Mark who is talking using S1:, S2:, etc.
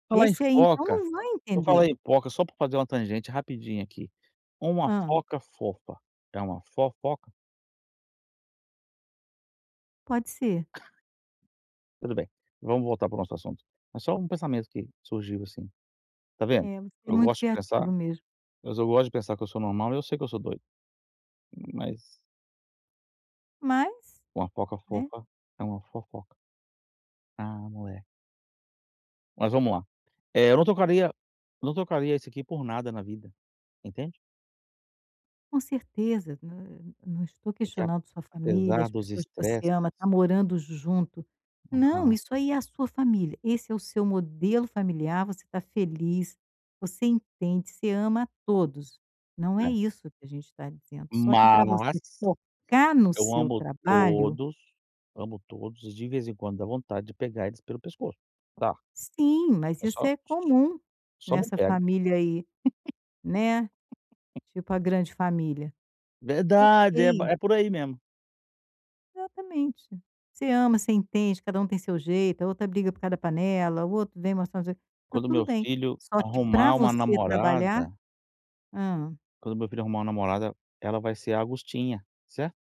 S1: Falar em
S2: Esse aí então,
S1: foca,
S2: não vou
S1: eu vou falar
S2: entender.
S1: em foca, só para fazer uma tangente rapidinho aqui, Uma
S2: Hã.
S1: foca fofa é uma fofoca?
S2: Pode ser.
S1: Tudo bem, vamos voltar para o nosso assunto. Mas só um pensamento que surgiu, assim, está vendo?
S2: É, você é
S1: Eu
S2: muito
S1: gosto de pensar,
S2: criativo mesmo.
S1: mas eu gosto de pensar, que eu sou normal, eu sei que eu sou doido, mas
S2: Mas,
S1: Uma foca
S2: né.
S1: fofa, é uma fofoca. Ah, mule Mas vamos lá. Eh, eu não trocaria não trocaria isso aqui, por nada na vida, entende?
S2: Com certeza, nã não estou
S1: Porque
S2: questionando sua família, as
S1: apesar dos
S2: pessoas que você
S1: estresses
S2: ama, está morando junto, não,
S1: Aham.
S2: isso aí é a sua família, esse é o seu modelo familiar, você está feliz, você entende, você ama a todos, não é
S1: Eh.
S2: isso que a gente está dizendo, só que para você
S1: Mas
S2: focar no
S1: eu
S2: seu
S1: amo
S2: trabalho
S1: todos amo todos e de vez em quando, dá vontade de pegar eles pelo pescoço, tá.
S2: Sim, mas
S1: É
S2: isso
S1: só
S2: é comum
S1: só não
S2: nessa
S1: pego.
S2: família aí, né, tipo a grande família
S1: Verdade, é
S2: ok.
S1: é por aí mesmo.
S2: Exatamente, você ama, você entende, cada um tem seu jeito, a outra briga por causa da panela, o outro vem mostrar, está
S1: Quando
S2: tudo
S1: meu
S2: bem,
S1: filho
S2: só que para
S1: arrumar uma
S2: você trabalhar
S1: namorada
S2: hã
S1: quando meu filho arrumar um namorada, ela vai ser a Augustinha, certo?